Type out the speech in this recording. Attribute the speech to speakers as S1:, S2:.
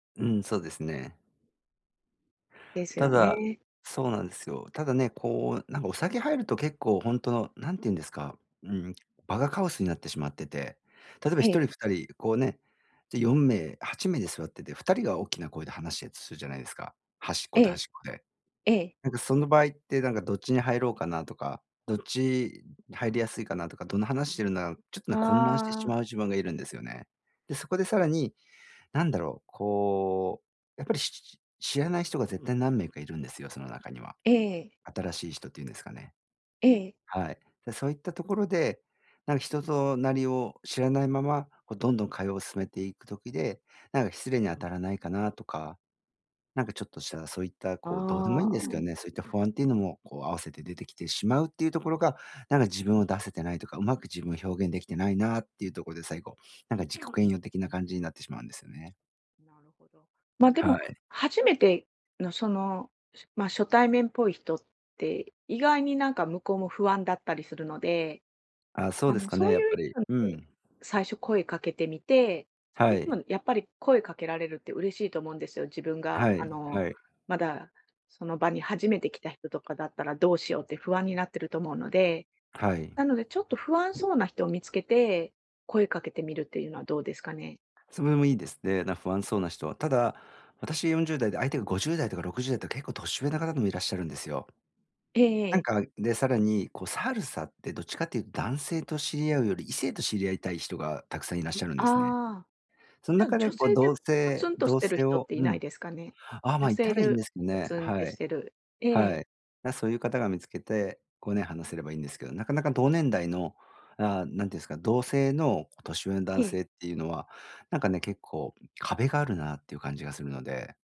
S1: うん、そうですね。
S2: です
S1: た
S2: よ
S1: だ、
S2: ね。
S1: そうなんですよ。ただね、こうなんかお酒入ると結構ほんと何て言うんですか、うーん、場がカオスになってしまってて、例えばひ
S2: え
S1: と
S2: え。
S1: りふたりこうね、じゃ4名8名で座ってて、2人が大きな声で話したとするじゃないですか。端っ
S2: え
S1: こと端
S2: え。
S1: っこで。
S2: ええ。
S1: なんかその場合ってなんかどっちに入ろうかなとか、どっち入りやすいかなとか、どんな話してるんだろう、ちょっとね混乱してし
S2: ああ。
S1: まう自分がいるんですよね。でそこでさらに、なんだろう、こう、やっぱりし知らない人が絶対何名かいるんですよ、その中には。
S2: ええ。
S1: 新しい人って言うんですかね。
S2: ええ。
S1: はい。でそういったところで、なんか人となりを知らないまま、こうどんどん会話を進めていく時で、なんか失礼に当たらないかなとか。なんかちょっとしたらそういったこう、どうでもいいん
S2: あ
S1: ですけど
S2: あ。
S1: ね。そういった不安っていうのも、こう合わせて出てきてしまうっていうところが、なんか自分を出せてないとか、うまく自分を表現できてないなっていうところで最後、なんか自己嫌悪的な感じになってしまうんですよね。
S2: なるほど。まで
S1: は
S2: も、
S1: い。
S2: 初めての、その、し、ま、初対面っぽい人って、意外になんか向こうも不安だったりするので、
S1: あ、そう
S2: あ
S1: です
S2: の、
S1: か
S2: そ
S1: ね、
S2: う
S1: やっ
S2: いう
S1: ぱり。
S2: 人に、
S1: う
S2: こ
S1: ん。
S2: う、最初声かけてみて、
S1: は
S2: 相手
S1: い。
S2: もやっぱり声かけられるって嬉しいと思うんですよ、自分が、
S1: は
S2: あ
S1: い
S2: の、
S1: はい。
S2: まだその場に初めて来た人とかだったらどうしようって不安になってると思うので。
S1: はい。
S2: なのでちょっと不安そうな人を見つけて、声かけてみるっていうのはどうですかね？
S1: それもいいですね、なん不安そうな人は。ただ、私40代で相手が50代とか60代とか結構年上の方でもいらっしゃるんですよ。
S2: えええ
S1: なん
S2: え。
S1: か、でさらにこうサルサってどっちかっていうと男性と知り合うより、異性と知り合いたい人がたくさんいらっしゃるんですね。
S2: ああ。
S1: その
S2: じゃあ
S1: 中で
S2: 女
S1: こう
S2: 性で
S1: 同
S2: ぽつ
S1: 性
S2: んとし
S1: 同
S2: てる
S1: 性
S2: 人っ
S1: を
S2: てい
S1: う
S2: な
S1: ん。
S2: いですかね？
S1: あ、ま、
S2: 女
S1: いた
S2: 性
S1: らいいん
S2: で
S1: ですけど
S2: ぽ
S1: ね。
S2: つん
S1: は
S2: てし
S1: い。
S2: てるえ
S1: は
S2: え。
S1: い。だ、そういう方が見つけて、こうね、話せればいいんですけど、なかなか同年代の、ああ、何て言うんですか、同性の年上の
S2: え
S1: 男
S2: え。
S1: 性っていうのは、なんかね、結構壁があるなっていう感じがするので。